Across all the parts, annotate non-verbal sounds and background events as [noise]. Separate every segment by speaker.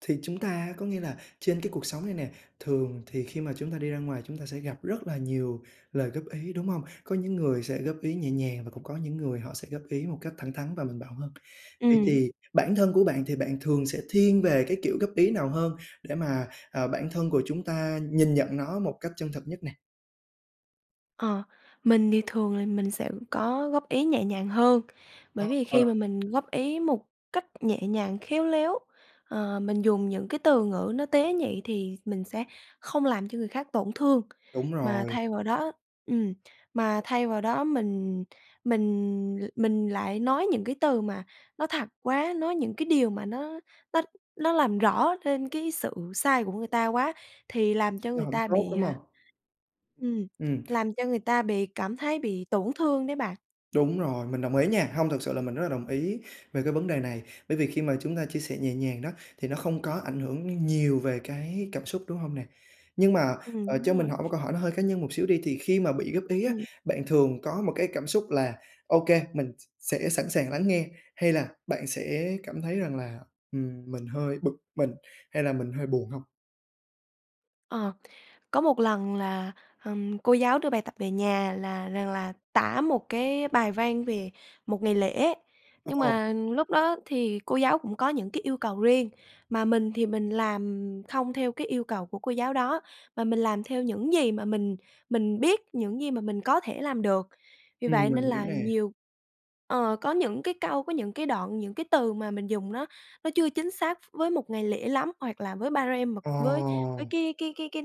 Speaker 1: Thì chúng ta có nghĩa là trên cái cuộc sống này nè, thường thì khi mà chúng ta đi ra ngoài chúng ta sẽ gặp rất là nhiều lời góp ý, đúng hông? Có những người sẽ góp ý nhẹ nhàng và cũng có những người họ sẽ góp ý một cách thẳng thắn và mạnh bạo hơn. Vậy
Speaker 2: Ừm.
Speaker 1: thì bản thân của bạn thì bạn thường sẽ thiên về cái kiểu góp ý nào hơn để mà, ờ, bản thân của chúng ta nhìn nhận nó một cách chân thật nhất nè?
Speaker 2: Ờ. Mình thì thường là mình sẽ có góp ý nhẹ nhàng hơn.
Speaker 1: Ơ,
Speaker 2: Bởi vì khi mà
Speaker 1: ờ.
Speaker 2: mình góp ý một cách nhẹ nhàng, khéo léo, ờ, mình dùng những cái từ ngữ nó tế nhị thì mình sẽ không làm cho người khác tổn thương.
Speaker 1: Đúng
Speaker 2: Mà
Speaker 1: rồi.
Speaker 2: thay vào đó ừm, mà thay vào đó mình mình l mình lại nói những cái từ mà nó thật quá, nói những cái điều mà nó nó nó làm rõ lên cái sự sai của người ta quá thì làm cho
Speaker 1: Nó
Speaker 2: người
Speaker 1: hổng
Speaker 2: ta
Speaker 1: tốt,
Speaker 2: bị,
Speaker 1: đúng
Speaker 2: à
Speaker 1: hông?
Speaker 2: ừm,
Speaker 1: Ừm.
Speaker 2: làm cho người ta bị cảm thấy bị tổn thương đấy bạn.
Speaker 1: Đúng rồi, mình đồng ý nha, hông, thực sự là mình rất là đồng ý về cái vấn đề này. Bởi vì khi mà chúng ta chia sẻ nhẹ nhàng đó, thì nó không có ảnh hưởng nhiều về cái cảm xúc, đúng hông nè? Nhưng mà,
Speaker 2: Ừm,
Speaker 1: ờ,
Speaker 2: đúng
Speaker 1: cho mình
Speaker 2: rồi.
Speaker 1: hỏi một câu hỏi nó hơi cá nhân một xíu đi, thì khi mà bị góp ý á,
Speaker 2: Ừm.
Speaker 1: bạn thường có một cái cảm xúc là ô kê, mình s sẽ sẵn sàng lắng nghe hay là bạn sẽ cảm thấy rằng là, ừm, mình hơi bực mình hay là mình hơi buồn hông?
Speaker 2: Ờ. Có một lần là, ừm, cô giáo đưa bài tập về nhà là rằng là tả một cái bài văn về một ngày lễ, nhưng
Speaker 1: Ồ.
Speaker 2: mà lúc đó thì cô giáo cũng có những cái yêu cầu riêng, mà mình thì mình làm không theo cái yêu cầu của cô giáo đó, mà mình làm theo những gì mà mình mình biết, những gì mà mình có thể làm được. Vì
Speaker 1: Ừm,
Speaker 2: vậy nên
Speaker 1: mình hiểu
Speaker 2: là
Speaker 1: nè.
Speaker 2: nhiều ờ, có những cái câu, có những cái đoạn, những cái từ mà mình dùng nó nó chưa chính xác với một ngày lễ lắm hoặc là với ba-rem mà với với
Speaker 1: Ồ.
Speaker 2: cái cái cái cái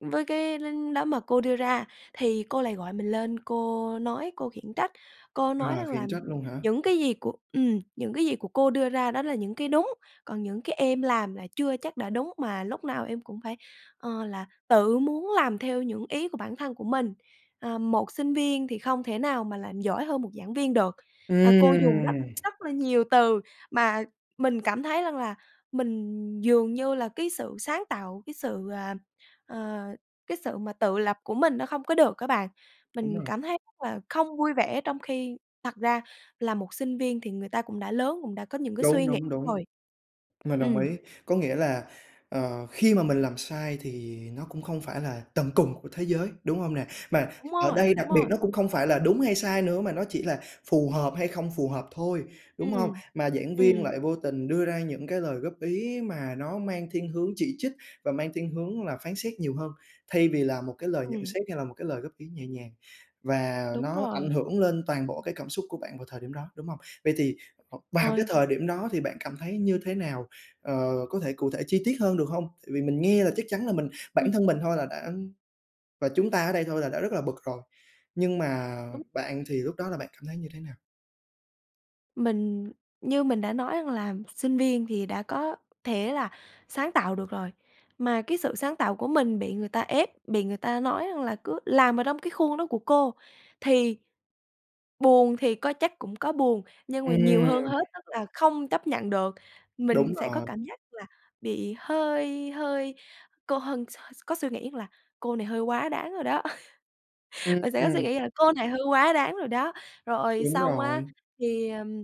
Speaker 2: với cái đánh đó mà cô đưa ra, thì cô lại gọi mình lên cô nói, cô khiển trách. Cô nói
Speaker 1: À,
Speaker 2: rằng là
Speaker 1: khiển trách luôn hả?
Speaker 2: "Những cái gì của" ừm, "Những cái gì của cô đưa ra đó là những cái đúng, còn những cái em làm là chưa chắc đã đúng mà lúc nào em cũng phải, ờ, là tự muốn làm theo những ý của bản thân của mình. Ờ, một sinh viên thì không thể nào mà làm giỏi hơn một giảng viên được". Ờ, cô dùng rất
Speaker 1: Ừm.
Speaker 2: rất là nhiều từ mà mình cảm thấy rằng là mình dường như là cái sự sáng tạo, cái sự, à, ờ, cái sự mà tự lập của mình nó không có được á bạn.
Speaker 1: Đúng
Speaker 2: Mình
Speaker 1: rồi.
Speaker 2: cảm thấy r là không vui vẻ, trong khi thật ra là một sinh viên thì người ta cũng đã lớn, cũng đã có những cái suy
Speaker 1: Đúng,
Speaker 2: nghĩ
Speaker 1: đúng, đúng,
Speaker 2: rồi.
Speaker 1: mình đồng
Speaker 2: Ừm.
Speaker 1: ý. Có nghĩa là, ờ, khi mà mình làm sai thì nó cũng không phải là tận cùng của thế giới, đúng không nè? Mà
Speaker 2: Đúng
Speaker 1: ở
Speaker 2: rồi,
Speaker 1: đây đặc
Speaker 2: đúng
Speaker 1: biệt
Speaker 2: rồi!
Speaker 1: nó cũng không phải là đúng hay sai nữa, mà nó chỉ là phù hợp hay không phù hợp thôi, đúng không?
Speaker 2: Ừm.
Speaker 1: Mà giảng viên
Speaker 2: Ừm
Speaker 1: lại vô tình đưa ra những cái lời góp ý mà nó mang thiên hướng chỉ trích và mang thiên hướng là phán xét nhiều hơn, thay vì là một cái lời nhận
Speaker 2: Ừm.
Speaker 1: xét hay là một cái lời góp ý nhẹ nhàng. Và
Speaker 2: Đúng
Speaker 1: nó ảnh
Speaker 2: rồi.
Speaker 1: hưởng lên toàn bộ cái cảm xúc của bạn vào thời điểm đó, đúng không? Vậy thì, ờ, vào cái
Speaker 2: Ơi.
Speaker 1: thời điểm đó thì bạn cảm thấy như thế nào, ờ, có thể cụ thể chi tiết hơn được hông? Tại vì mình nghe là chắc chắn là mình
Speaker 2: Ừm.
Speaker 1: bản thân mình thôi là đã và chúng ta ở đây thôi là đã rất là bực rồi, nhưng mà
Speaker 2: Đúng.
Speaker 1: bạn thì lúc đó là bạn cảm thấy như thế nào?
Speaker 2: Mình như mình đã nói rằng là sinh viên thì đã có thể là sáng tạo được rồi. Mà cái sự sáng tạo của mình bị người ta ép, bị người ta nói rằng là cứ làm ở trong cái khuôn đó của cô thì buồn thì có, chắc cũng có buồn, nhưng mà nhiều
Speaker 1: Ừm.
Speaker 2: hơn hết tức là không chấp nhận được. Mình
Speaker 1: Đúng
Speaker 2: sẽ có
Speaker 1: rồi.
Speaker 2: cảm giác là bị hơi hơi cô hân s s có suy nghĩ rằng là "Cô này hơi quá đáng rồi đó", [laughs] mình sẽ có suy
Speaker 1: Ừm.
Speaker 2: nghĩ là "Cô này hơi quá đáng rồi đó". Rồi
Speaker 1: Đúng
Speaker 2: xong á
Speaker 1: rồi.
Speaker 2: thì, ừm,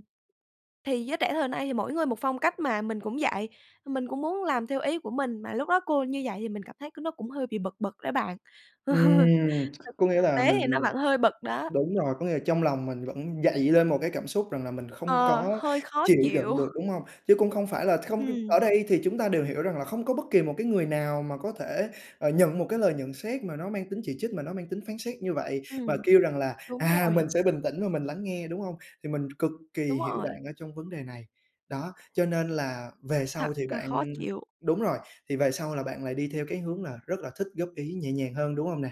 Speaker 2: thì giới trẻ thời nay thì mỗi người một phong cách mà, mình cũng vậy, mình cũng muốn làm theo ý của mình, mà lúc đó cô như vậy thì mình cảm thấy c nó cũng hơi bị bực bực đó bạn. [laughs] Thực
Speaker 1: Ừm. Có nghĩa
Speaker 2: thực
Speaker 1: là
Speaker 2: tế thì nó
Speaker 1: mình
Speaker 2: vẫn hơi bực đó.
Speaker 1: đúng rồi, có nghĩa là trong lòng mình vẫn dậy lên một cái cảm xúc rằng là mình không
Speaker 2: Ờ,
Speaker 1: có
Speaker 2: hơi khó
Speaker 1: chịu đựng
Speaker 2: chịu.
Speaker 1: được, đúng không? Chứ cũng không phải là không
Speaker 2: Ừm.
Speaker 1: ở đây thì chúng ta đều hiểu rằng là không có bất kỳ một cái người nào mà có thể, ờ, nhận một cái lời nhận xét mà nó mang tính chỉ trích, mà nó mang tính phán xét như vậy, và
Speaker 2: Ừm,
Speaker 1: kêu rằng là
Speaker 2: đúng
Speaker 1: "À,
Speaker 2: rồi.
Speaker 1: mình sẽ bình tĩnh và mình lắng nghe", đúng không? Thì mình cực kỳ
Speaker 2: Đúng
Speaker 1: hiểu
Speaker 2: rồi.
Speaker 1: bạn ở trong vấn đề này. Đó, cho nên là về
Speaker 2: Thật
Speaker 1: sau thì
Speaker 2: ca khó
Speaker 1: bạn
Speaker 2: chịu!
Speaker 1: đúng rồi, thì về sau là bạn lại đi theo cái hướng là rất là thích góp ý nhẹ nhàng hơn, đúng không nè?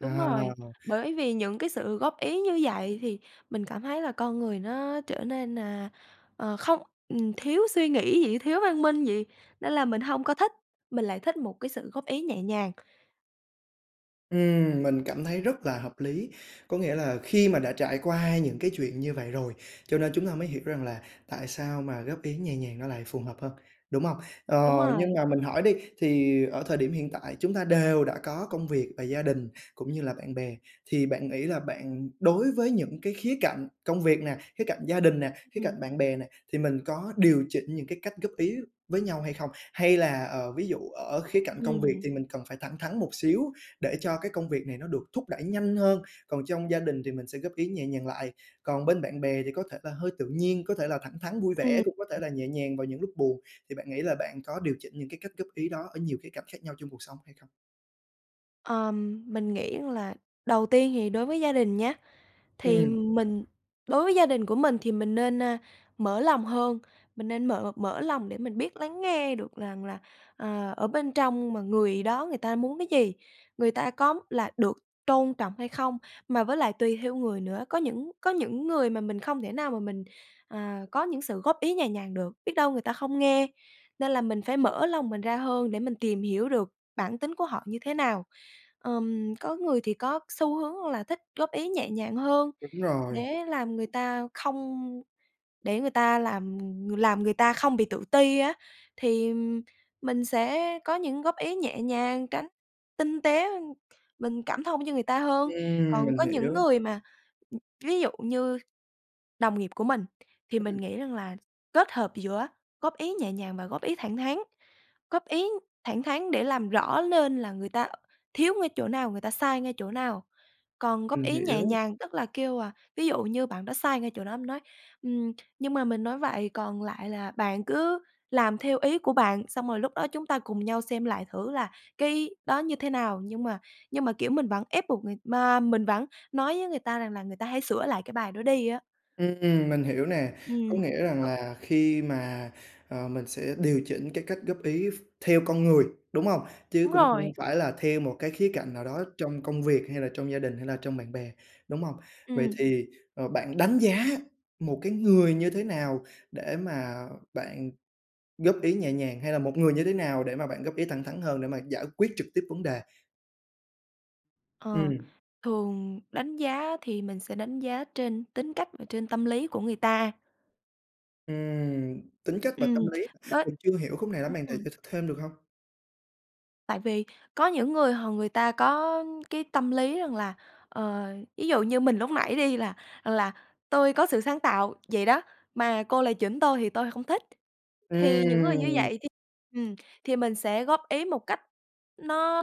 Speaker 2: Đúng rồi, bởi vì những cái sự góp ý như vậy thì mình cảm thấy là con người nó trở nên, à, ờ, không ừm, thiếu suy nghĩ vậy, thiếu văn minh vậy, nên là mình hông có thích, mình lại thích một cái sự góp ý nhẹ nhàng.
Speaker 1: Ừm, mình cảm thấy rất là hợp lý, có nghĩa là khi mà đã trải qua những cái chuyện như vậy rồi, cho nên chúng ta mới hiểu rằng là tại sao mà góp ý nhẹ nhàng nó lại phù hợp hơn, đúng không? Ờ,
Speaker 2: Đúng
Speaker 1: nhưng
Speaker 2: rồi.
Speaker 1: mà mình hỏi đi thì ở thời điểm hiện tại chúng ta đều đã có công việc và gia đình cũng như là bạn bè thì bạn nghĩ là bạn đối với những cái khía cạnh công việc nè, khía cạnh gia đình nè, khía cạnh
Speaker 2: Ừm.
Speaker 1: bạn bè này thì mình có điều chỉnh những cái cách góp ý với nhau hay không? Hay là, ờ, ví dụ ở khía cạnh công việc
Speaker 2: Ừm.
Speaker 1: thì mình cần phải thẳng thắn một xíu để cho cái công việc này nó được thúc đẩy nhanh hơn, còn trong gia đình thì mình sẽ góp ý nhẹ nhàng lại, còn bên bạn bè thì có thể là hơi tự nhiên, có thể là thẳng thắn vui
Speaker 2: Ừm.
Speaker 1: vẻ, cũng có thể là nhẹ nhàng vào những lúc buồn thì bạn nghĩ là bạn có điều chỉnh những cái cách góp ý đó ở nhiều khía cạnh khác nhau trong cuộc sống hay không?
Speaker 2: Ờm, mình nghĩ rằng là đầu tiên thì đối với gia đình nhá, thì
Speaker 1: Ừm.
Speaker 2: mình đối với gia đình của mình thì mình nên, a, mở lòng hơn, mình nên mở mở lòng để mình biết lắng nghe được rằng là, à, ở bên trong mà người đó người ta muốn cái gì, người ta có là được tôn trọng hay không. Mà với lại tùy theo người nữa, có những có những người mà mình không thể nào mà mình, à, có những sự góp ý nhẹ nhàng được, biết đâu người ta không nghe, nên là mình phải mở lòng mình ra hơn để mình tìm hiểu được bản tính của họ như thế nào. Ừm, có người thì có xu hướng là thích góp ý nhẹ nhàng hơn
Speaker 1: Đúng rồi.
Speaker 2: để làm người ta không để người ta làm làm người ta không bị tự ti á, thì mình sẽ có những góp ý nhẹ nhàng tránh tinh tế, mình cảm thông cho người ta hơn.
Speaker 1: Ừm,
Speaker 2: Còn
Speaker 1: mình
Speaker 2: có những
Speaker 1: hiểu.
Speaker 2: người mà ừm, ví dụ như đồng nghiệp của mình thì mình
Speaker 1: Ừm.
Speaker 2: nghĩ rằng là kết hợp giữa góp ý nhẹ nhàng và góp ý thẳng thắn, góp ý thẳng thắn để làm rõ nên là người ta thiếu ngay chỗ nào, người ta sai ngay chỗ nào còn góp
Speaker 1: Mình
Speaker 2: ý nhẹ
Speaker 1: hiểu.
Speaker 2: nhàng tức là kêu, à, ví dụ như bạn đó sai ngay chỗ đó, em nói: "Ừm, nhưng mà mình nói vậy còn lại là bạn cứ làm theo ý của bạn xong rồi lúc đó chúng ta cùng nhau xem lại thử là cái đó như thế nào." Nhưng mà nhưng mà, kiểu, mình vẫn ép buộc người mà mình vẫn nói với người ta rằng là người ta hãy sửa lại cái bài đó đi á.
Speaker 1: Ừm, mình hiểu nè. Có
Speaker 2: Ừm.
Speaker 1: nghĩa rằng là khi mà ờ, mình sẽ điều chỉnh cái cách góp ý ph theo con người đúng không? Chứ
Speaker 2: Đúng
Speaker 1: cũng
Speaker 2: rồi.
Speaker 1: không phải là theo một cái khía cạnh nào đó trong công việc hay là trong gia đình hay là trong bạn bè, đúng không? Vậy
Speaker 2: Ừm.
Speaker 1: thì, ờ, bạn đánh giá một cái người như thế nào để mà bạn góp ý nhẹ nhàng hay là một người như thế nào để mà bạn góp ý thẳng thắn hơn để mà giải quyết trực tiếp vấn đề?
Speaker 2: Ờ.
Speaker 1: Ừm.
Speaker 2: Thường đánh giá thì mình sẽ đánh giá trên tính cách và trên tâm lý của người ta.
Speaker 1: Ừm, tính cách và
Speaker 2: Ừm,
Speaker 1: tâm lý hả?
Speaker 2: bết
Speaker 1: Mình chưa hiểu khúc này lắm, bạn thể [unintelligible]
Speaker 2: [unintelligible]
Speaker 1: thích thêm được hông?
Speaker 2: Tại vì có những người h người ta có cái tâm lý rằng là, ờ, ví dụ như mình lúc nãy đi, là rằng là "tôi có sự sáng tạo vậy đó, mà cô lại chỉnh tôi thì tôi không thích". Thì những người như
Speaker 1: Ừm!
Speaker 2: vậy thì ừm, thì mình sẽ góp ý một cách nó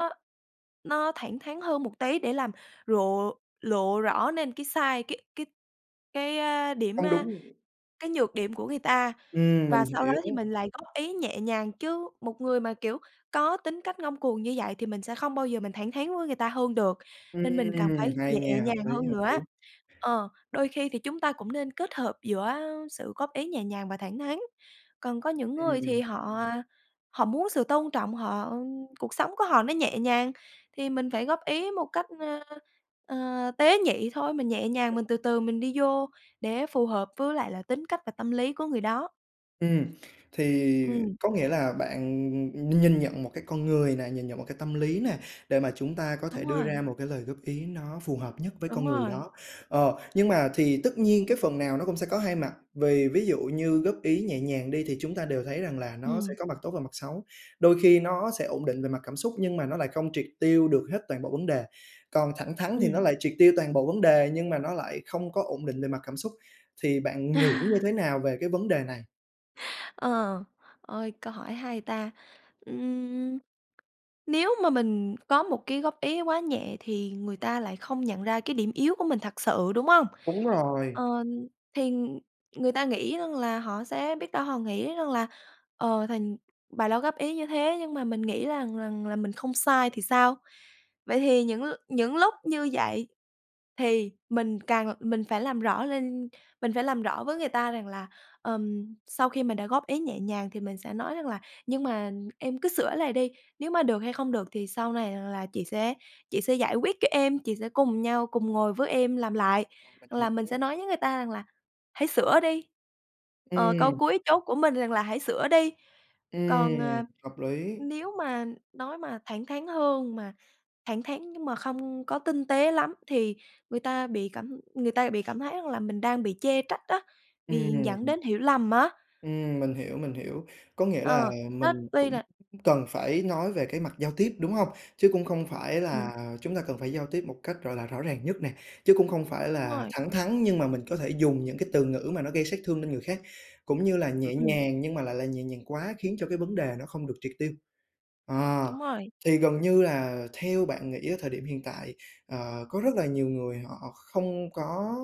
Speaker 2: nó thẳng thắn hơn một tí để làm rộ lộ rõ lên cái sai, cái cái cái, a, điểm,
Speaker 1: Không
Speaker 2: a
Speaker 1: đúng.
Speaker 2: cái nhược điểm của người ta,
Speaker 1: Ừm,
Speaker 2: và
Speaker 1: mình
Speaker 2: sau đó thì
Speaker 1: hiểu.
Speaker 2: mình lại góp ý nhẹ nhàng. Chứ một người mà, kiểu, có tính cách ngông cuồng như vậy thì mình sẽ không bao giờ mình thẳng thắn với người ta hơn được, nên mình cần
Speaker 1: Ừm,
Speaker 2: phải
Speaker 1: hay
Speaker 2: nhẹ
Speaker 1: nha, hợp
Speaker 2: nhàng hơn
Speaker 1: lý, hợp
Speaker 2: nữa.
Speaker 1: lý.
Speaker 2: Ờ, đôi khi thì chúng ta cũng nên kết hợp giữa, ơ, sự góp ý nhẹ nhàng và thẳng thắn. Còn có những người thì
Speaker 1: Ừm.
Speaker 2: họ, a, họ muốn sự tôn trọng, họ cuộc sống của họ nó nhẹ nhàng thì mình phải góp ý một cách, ơ, ờ, tế nhị thôi, mình nhẹ nhàng,
Speaker 1: [unintelligible]
Speaker 2: mình từ từ mình đi vô để phù hợp với lại là tính cách và tâm lý của người đó.
Speaker 1: Ừm, thì
Speaker 2: Ừm.
Speaker 1: có nghĩa là bạn, ừm, nhìn nhận một cái con người nè, nhìn nhận một cái tâm lý nè, để mà chúng ta có thể
Speaker 2: Đúng
Speaker 1: đưa
Speaker 2: rồi.
Speaker 1: ra một cái lời góp ý nó phù hợp nhất với
Speaker 2: Đúng
Speaker 1: con người
Speaker 2: rồi.
Speaker 1: đó. Ờ, nhưng mà thì tất nhiên cái phần nào nó cũng sẽ có hai mặt, vì ví dụ như góp ý nhẹ nhàng đi, thì chúng ta đều thấy rằng là nó sẽ
Speaker 2: Ừm.
Speaker 1: có mặt tốt và mặt xấu. Đôi khi nó sẽ ổn định về mặt cảm xúc nhưng mà nó lại không triệt tiêu được hết toàn bộ vấn đề, còn thẳng thắn thì
Speaker 2: Ừm.
Speaker 1: nó lại triệt tiêu toàn bộ vấn đề nhưng mà nó lại không có ổn định về mặt cảm xúc. Thì bạn nghĩ như thế
Speaker 2: [laughs]
Speaker 1: nào về cái vấn đề này?
Speaker 2: Ờ, ôi, câu hỏi hay ta! Ưm, nếu mà mình có một cái góp ý quá nhẹ thì người ta lại không nhận ra cái điểm yếu của mình thật sự, đúng hông?
Speaker 1: Đúng rồi.
Speaker 2: Ờ, thì người ta nghĩ rằng là họ sẽ biết đâu họ nghĩ rằng là, ờ, thành bà đó góp ý như thế nhưng mà mình nghĩ là rằng là "Mình không sai thì sao?" Vậy thì những l những lúc như vậy thì mình càng l mình phải làm rõ lên, mình phải làm rõ với người ta rằng là, ờm, sau khi mình đã góp ý nhẹ nhàng thì mình sẽ nói rằng là "Nhưng mà em cứ sửa lại đi, nếu mà được hay không được thì sau này rằng là chị sẽ chị sẽ giải quyết cho em, chị sẽ cùng nhau cùng ngồi với em làm lại".
Speaker 1: À, mình
Speaker 2: Hoặc là mình sẽ
Speaker 1: hiểu.
Speaker 2: nói với người ta rằng là "Hãy sửa đi", ờ, câu
Speaker 1: Ừm.
Speaker 2: cuối chốt của mình rằng là "Hãy sửa đi". Còn, à,
Speaker 1: Ừm, hợp lý.
Speaker 2: nếu mà nói mà thẳng thắn hơn, mà thẳng thắn nhưng mà không có tinh tế lắm, thì người ta bị cảm người ta bị cảm thấy rằng là mình đang bị chê trách á, bị dẫn
Speaker 1: Ừm.
Speaker 2: đến hiểu lầm á.
Speaker 1: Ừm, mình hiểu, mình hiểu, có nghĩa là
Speaker 2: Ờ, nó
Speaker 1: mình
Speaker 2: tuy
Speaker 1: cũng
Speaker 2: là
Speaker 1: c cần phải nói về cái mặt giao tiếp, đúng hông? Chứ cũng không phải
Speaker 2: Ừm.
Speaker 1: là chúng ta cần phải giao tiếp một cách, gọi là, rõ ràng nhất nè, chứ cũng không phải
Speaker 2: Đúng
Speaker 1: là
Speaker 2: rồi.
Speaker 1: thẳng thắn, nhưng mà mình có thể dùng những cái từ ngữ mà nó gây sát thương lên người khác, cũng như là
Speaker 2: Ưm,
Speaker 1: nhẹ
Speaker 2: ừm.
Speaker 1: nhàng nhưng mà lại là nhẹ nhàng quá khiến cho cái vấn đề nó không được triệt tiêu. Ờ,
Speaker 2: Đúng rồi.
Speaker 1: thì gần như là theo bạn nghĩ ở thời điểm hiện tại, ờ, có rất là nhiều người họ không có,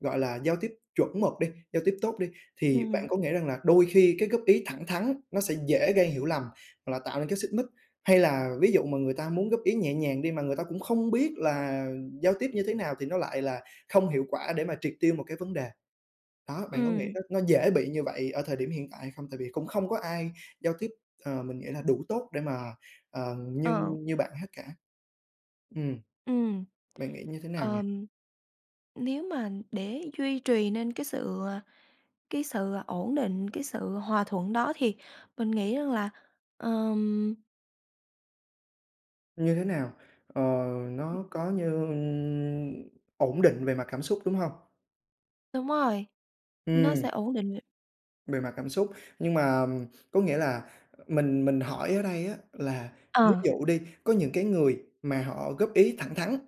Speaker 1: gọi là, giao tiếp chuẩn mực đi, giao tiếp tốt đi, thì bạn
Speaker 2: Ừm.
Speaker 1: có nghĩ rằng là đôi khi cái góp ý thẳng thắn nó sẽ dễ gây hiểu lầm hoặc là tạo nên cái xích mích? Hay là ví dụ mà người ta muốn góp ý nhẹ nhàng đi, mà người ta cũng không biết là giao tiếp như thế nào, thì nó lại là không hiệu quả để mà triệt tiêu một cái vấn đề? Đó, bạn có nghĩ
Speaker 2: Ừm.
Speaker 1: nó nó dễ bị như vậy ở thời điểm hiện tại hay không? Tại vì cũng không có ai giao tiếp, ờ, mình nghĩ là đủ tốt để mà, ờm,
Speaker 2: Ờ.
Speaker 1: nhưng như bạn hết cả. Ừm,
Speaker 2: Ừm.
Speaker 1: bạn nghĩ như thế nào nhỉ?
Speaker 2: Ờm, nếu mà để duy trì nên cái sự, à, cái sự, à, ổn định, cái sự hòa thuận đó thì mình nghĩ rằng là, ờm
Speaker 1: Như thế nào? Ờ, nó có như ổn định về mặt cảm xúc, đúng hông?
Speaker 2: Đúng rồi, nó
Speaker 1: Ừm.
Speaker 2: sẽ ổn định. [unintelligible]
Speaker 1: Về mặt cảm xúc nhưng mà, ờm, có nghĩa là
Speaker 2: Ừm.
Speaker 1: mình mình hỏi ở đây á là ví
Speaker 2: Ờ.
Speaker 1: dụ đi, có những cái người mà họ góp ý thẳng thắn,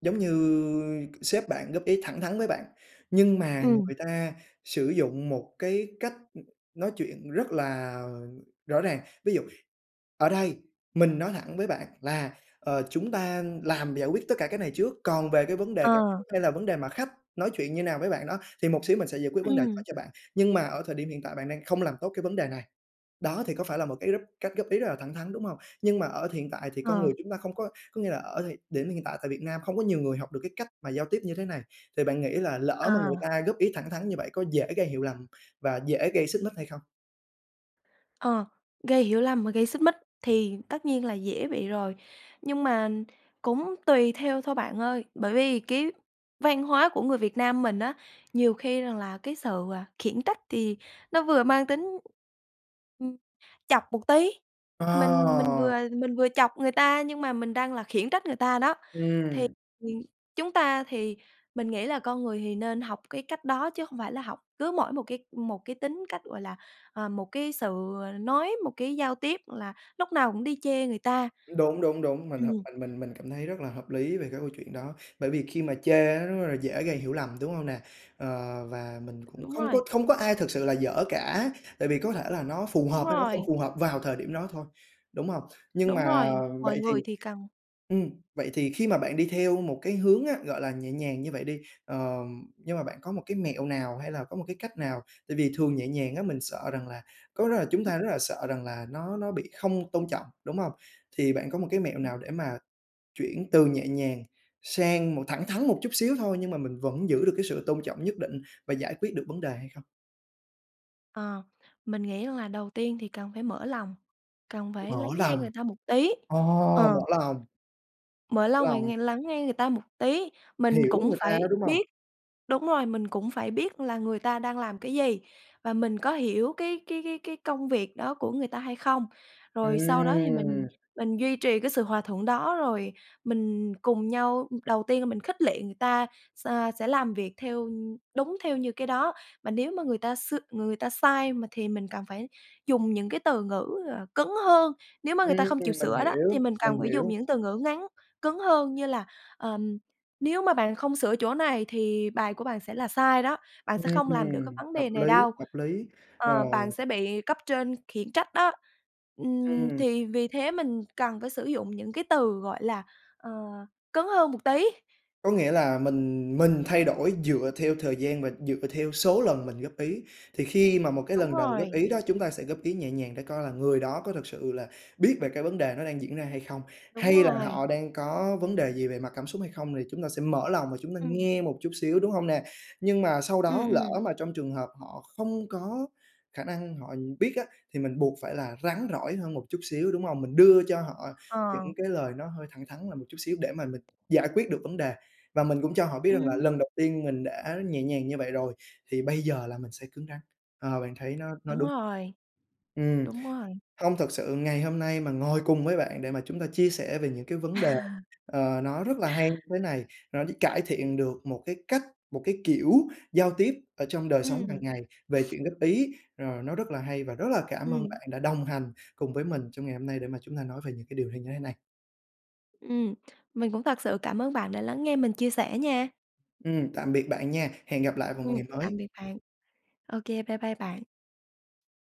Speaker 1: giống như sếp bạn góp ý thẳng thắn với bạn nhưng mà
Speaker 2: Ừm.
Speaker 1: người ta sử dụng một cái cách nói chuyện rất là rõ ràng. Ví dụ "Ở đây mình nói thẳng với bạn là, ờ, chúng ta làm giải quyết tất cả cái này trước. Còn về cái vấn đề cảm
Speaker 2: Ờ.
Speaker 1: xúc hay là vấn đề mà khách nói chuyện như thế nào với bạn đó thì một xíu mình sẽ giải quyết vấn đề đó
Speaker 2: Ừm.
Speaker 1: cho bạn. Nhưng mà ở thời điểm hiện tại bạn đang không làm tốt cái vấn đề này." Đó, thì có phải là một cái góp cách góp ý rất là thẳng thắn, đúng hông? Nhưng mà ở hiện tại thì con
Speaker 2: Ờ.
Speaker 1: người chúng ta không có có nghĩa là ở thời điểm hiện tại tại Việt Nam không có nhiều người học được cái cách mà giao tiếp như thế này, thì bạn nghĩ là lỡ mà người
Speaker 2: À.
Speaker 1: ta góp ý thẳng thắn như vậy có dễ gây hiểu lầm và dễ gây xích mích hay không?
Speaker 2: Ờ, gây hiểu lầm và gây xích mích thì tất nhiên là dễ bị rồi. Nhưng mà cũng tùy theo thôi bạn ơi, bởi vì cái văn hóa của người Việt Nam mình á, nhiều khi rằng là cái sự, à, khiển trách thì nó vừa mang tính, ừm, chọc một tí, mình mình vừa
Speaker 1: Ờ!
Speaker 2: mình vừa chọc người ta nhưng mà mình đang là khiển trách người ta đó. Thì
Speaker 1: Ừm.
Speaker 2: chúng ta thì mình nghĩ là con người thì nên học cái cách đó chứ hông phải là học cứ mỗi một cái một cái tính cách, gọi là, ờ, một cái sự, ờ, nói, một cái giao tiếp, gọi là, lúc nào cũng đi chê người ta.
Speaker 1: Đúng, đúng, đúng, mình hợp
Speaker 2: Ừm.
Speaker 1: mình mình cảm thấy rất là hợp lý về cái câu chuyện đó. Bởi vì khi mà chê á rất rất là dễ gây hiểu lầm, đúng hông nè? Ờ, và mình cũng
Speaker 2: Đúng
Speaker 1: không có
Speaker 2: rồi.
Speaker 1: không có ai thực sự là dở cả. Tại vì có thể là nó phù
Speaker 2: Đúng
Speaker 1: hợp hay nó không
Speaker 2: rồi.
Speaker 1: phù hợp vào thời điểm đó thôi, đúng hông? Nhưng
Speaker 2: Đúng
Speaker 1: mà
Speaker 2: rồi, mọi
Speaker 1: vậy thì
Speaker 2: người thì cần.
Speaker 1: ừm, vậy thì khi mà bạn đi theo một cái hướng á, gọi là, nhẹ nhàng như vậy đi, ờm, nhưng mà bạn có một cái mẹo nào hay là có một cái cách nào? Tại vì thường nhẹ nhàng á mình sợ rằng là có đó là chúng
Speaker 2: Ừm.
Speaker 1: ta rất là sợ rằng là nó nó bị không tôn trọng, đúng hông? Thì bạn có một cái mẹo
Speaker 2: Ừm.
Speaker 1: nào để mà chuyển từ nhẹ nhàng sang một thẳng thắn một chút xíu thôi nhưng mà mình vẫn giữ được cái sự tôn trọng nhất định và giải quyết được vấn đề hay không?
Speaker 2: Ờ, mình nghĩ là đầu tiên thì cần phải mở lòng, cần phải
Speaker 1: Mở
Speaker 2: lắng nghe
Speaker 1: lòng.
Speaker 2: người ta một tí,
Speaker 1: Ồ, mở
Speaker 2: ờ.
Speaker 1: lòng!
Speaker 2: Mở lòng và
Speaker 1: Lòng.
Speaker 2: nghe lắng nghe người ta một tí. Mình
Speaker 1: Hiểu
Speaker 2: cũng
Speaker 1: người ta đó,
Speaker 2: phải
Speaker 1: đúng hông?
Speaker 2: biết đúng rồi, mình cũng phải biết là người ta đang làm cái gì và mình có hiểu cái cái cái cái công việc đó của người ta hay không. Rồi sau đó, thì mình
Speaker 1: Ừm.
Speaker 2: mình duy trì cái sự hòa thuận đó, rồi mình cùng nhau đầu tiên là mình khích lệ người ta, s sẽ làm việc theo đúng theo như cái đó. Mà nếu mà người ta s người ta sai, mình thì mình cần phải dùng những cái từ ngữ, ờ, cứng hơn. Nếu mà người ta
Speaker 1: Ừm,
Speaker 2: không chịu
Speaker 1: mình
Speaker 2: sửa đó, thì
Speaker 1: hiểu,
Speaker 2: mình
Speaker 1: mình
Speaker 2: cần phải dùng
Speaker 1: hiểu.
Speaker 2: những từ ngữ ngắn, cứng hơn, như là, ờm, "nếu mà bạn không sửa chỗ này thì bài của bạn sẽ là sai đó, bạn sẽ không làm được cái
Speaker 1: Ừm,
Speaker 2: vấn
Speaker 1: hợp
Speaker 2: đề này
Speaker 1: lý,
Speaker 2: đâu",
Speaker 1: hợp lý, ờ.
Speaker 2: ờ, "bạn sẽ bị cấp trên khiển trách đó", ừm,
Speaker 1: Ừm.
Speaker 2: thì vì thế mình cần phải sử dụng những cái từ, gọi là, ờ, cứng hơn một tí.
Speaker 1: Có nghĩa là mình mình thay đổi dựa theo thời gian và dựa theo số lần mình góp ý. Thì khi mà một cái
Speaker 2: Đúng
Speaker 1: lần đầu góp
Speaker 2: rồi.
Speaker 1: ý đó, chúng ta sẽ góp ý nhẹ nhàng để coi là người đó có thực sự là biết về cái vấn đề nó đang diễn ra hay không,
Speaker 2: Đúng
Speaker 1: hay là
Speaker 2: rồi.
Speaker 1: họ đang có vấn đề gì về mặt cảm xúc hay không, thì chúng ta sẽ mở lòng và chúng ta
Speaker 2: Ừm.
Speaker 1: nghe một chút xíu, đúng hông nè? Nhưng mà sau
Speaker 2: Ừm,
Speaker 1: đó, lỡ
Speaker 2: ừm.
Speaker 1: mà trong trường hợp họ không có khả năng họ biết á, thì mình buộc phải là rắn rỏi hơn một chút xíu, đúng hông? Mình đưa cho họ
Speaker 2: Ờ.
Speaker 1: những cái lời nó hơi thẳng thắn là một chút xíu để mà mình giải quyết được vấn đề. Và mình cũng cho họ biết rằng là
Speaker 2: Ừm.
Speaker 1: lần đầu tiên mình đã nhẹ nhàng như vậy rồi thì bây giờ là mình sẽ cứng rắn. Ờ, bạn thấy nó nó
Speaker 2: Đúng
Speaker 1: đúng.
Speaker 2: rồi.
Speaker 1: Ừm,
Speaker 2: Đúng rồi.
Speaker 1: hông, thực sự ngày hôm nay mà ngồi cùng với bạn để mà chúng ta chia sẻ về những cái vấn đề,
Speaker 2: [laughs]
Speaker 1: ờ, nó rất là hay thế này, rồi nó cải thiện được một cái cách, một cái kiểu giao tiếp ở trong đời sống hàng
Speaker 2: Ừm.
Speaker 1: ngày về chuyện góp ý, ờ, nó rất là hay. Và rất là cảm ơn
Speaker 2: Ừm.
Speaker 1: bạn đã đồng hành cùng với mình trong ngày hôm nay để mà chúng ta nói về những cái điều hay như thế này.
Speaker 2: Ừm, mình cũng thật sự cảm ơn bạn đã lắng nghe mình chia sẻ nha.
Speaker 1: Ừm, tạm biệt bạn nha. Hẹn gặp lại vào một
Speaker 2: Ừm,
Speaker 1: ngày
Speaker 2: tạm
Speaker 1: mới.
Speaker 2: biệt bạn. OK, bye bye bạn.